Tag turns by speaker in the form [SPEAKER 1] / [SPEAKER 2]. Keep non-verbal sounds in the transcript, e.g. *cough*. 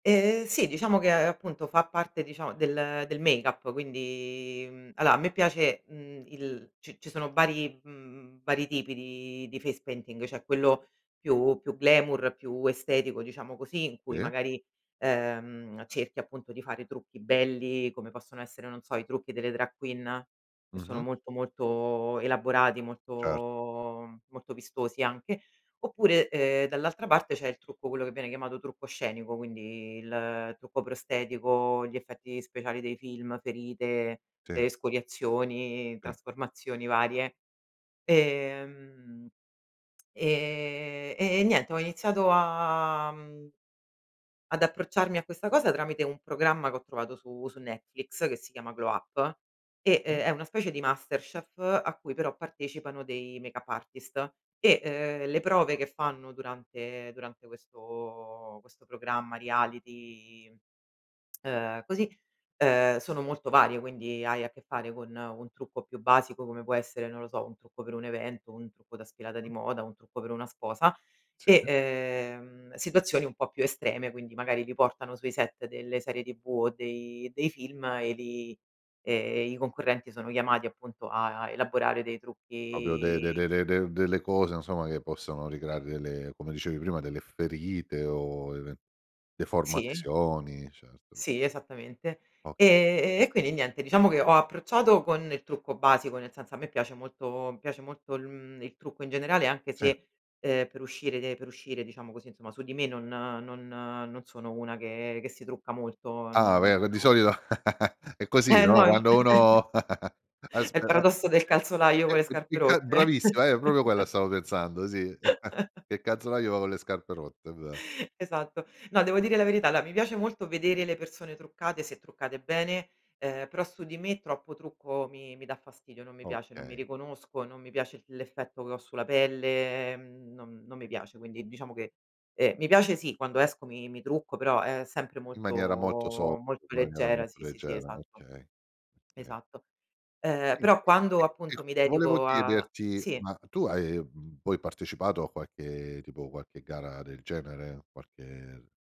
[SPEAKER 1] Eh sì, diciamo che appunto fa parte diciamo del del make-up, quindi, mhmm, allora a me piace, mhmm il ci ci sono vari mhmm vari tipi di di face painting, c'è quello più più glamour, più estetico, diciamo così, in cui
[SPEAKER 2] Sì.
[SPEAKER 1] magari, ehm, cerchi appunto di fare trucchi belli, come possono essere, non so, i trucchi delle drag queen, che sono
[SPEAKER 2] Mh-mh.
[SPEAKER 1] molto, molto elaborati,
[SPEAKER 2] Certo.
[SPEAKER 1] molto molto vistosi anche. Oppure, ehm, dall'altra parte c'è il trucco quello che viene chiamato trucco scenico, quindi il trucco prostetico, gli effetti speciali dei film, ferite,
[SPEAKER 2] Sì.
[SPEAKER 1] escoriazioni,
[SPEAKER 2] Sì.
[SPEAKER 1] trasformazioni varie. Ehm, e e niente, ho iniziato a, mhmm, ad approcciarmi a questa cosa tramite un programma che ho trovato su su Netflix che si chiama Glow Up e
[SPEAKER 2] Mh-mh.
[SPEAKER 1] è una specie di MasterChef a cui però partecipano dei make-up artist e le prove che fanno durante durante questo questo programma, reality, ehm, così, ehm, sono molto varie, quindi hai a che fare con un trucco più basico, come può essere, non lo so, un trucco per un evento, un trucco da sfilata di
[SPEAKER 2] Mh.
[SPEAKER 1] moda, un trucco per una sposa
[SPEAKER 2] Sì.
[SPEAKER 1] e, ehm, situazioni un po' più estreme, quindi magari ti portano sui set delle serie TV o dei dei film e lì, ehm, i concorrenti sono chiamati appunto a elaborare dei
[SPEAKER 2] Proprio de de
[SPEAKER 1] trucchi
[SPEAKER 2] de de de delle cose insomma che possono ricreare delle come dicevi prima delle ferite o even
[SPEAKER 1] Sì.
[SPEAKER 2] deformazioni certo.
[SPEAKER 1] Sì, esattamente.
[SPEAKER 2] Okay.
[SPEAKER 1] E e quindi niente, diciamo che ho approcciato con il trucco basico, nel senso a me piace molto mi piace molto il, mhmm, il trucco in generale, anche
[SPEAKER 2] Sì.
[SPEAKER 1] se, ehm, per uscire de per uscire, diciamo così, insomma, su di me non non non sono una che che si trucca molto,
[SPEAKER 2] Ah
[SPEAKER 1] non no.
[SPEAKER 2] ve di solito *chuckles* è così,
[SPEAKER 1] Eh no
[SPEAKER 2] no,
[SPEAKER 1] in
[SPEAKER 2] quando
[SPEAKER 1] *chuckles*
[SPEAKER 2] uno, *chuckles*
[SPEAKER 1] È
[SPEAKER 2] aspe
[SPEAKER 1] il
[SPEAKER 2] a
[SPEAKER 1] paradosso del calzolaio con le
[SPEAKER 2] *unintelligible*
[SPEAKER 1] scarpe
[SPEAKER 2] il cal
[SPEAKER 1] rotte.
[SPEAKER 2] bravissima eh proprio quella
[SPEAKER 1] *chuckles*
[SPEAKER 2] stavo pensando sì, *chuckles*
[SPEAKER 1] *chuckles*
[SPEAKER 2] che calzolaio va con le scarpe rotte è ve
[SPEAKER 1] Esatto. No, devo dire la verità, allora mi piace molto vedere le persone truccate, se truccate bene, ehm, però su di me troppo trucco mi mi dà fastidio, non mi piace, non mi
[SPEAKER 2] Okay.
[SPEAKER 1] riconosco, non mi piace l'effetto che ho sulla pelle, mhmm, non non mi piace. Quindi diciamo che eh mi piace sì, quando esco mi mi trucco, però è sempre
[SPEAKER 2] In
[SPEAKER 1] molto
[SPEAKER 2] maniera molto soft, in
[SPEAKER 1] molto
[SPEAKER 2] maniera
[SPEAKER 1] leggera,
[SPEAKER 2] molto
[SPEAKER 1] sì, sì, sì,
[SPEAKER 2] leggera,
[SPEAKER 1] esatto.
[SPEAKER 2] okay, okay.
[SPEAKER 1] Esatto, ehm, però
[SPEAKER 2] *unintelligible*
[SPEAKER 1] quando appunto mi
[SPEAKER 2] volevo
[SPEAKER 1] dedico a
[SPEAKER 2] chiederti,
[SPEAKER 1] sì.
[SPEAKER 2] ma tu hai, mhmm, poi partecipato a qualche tipo qualche gara del genere, qualche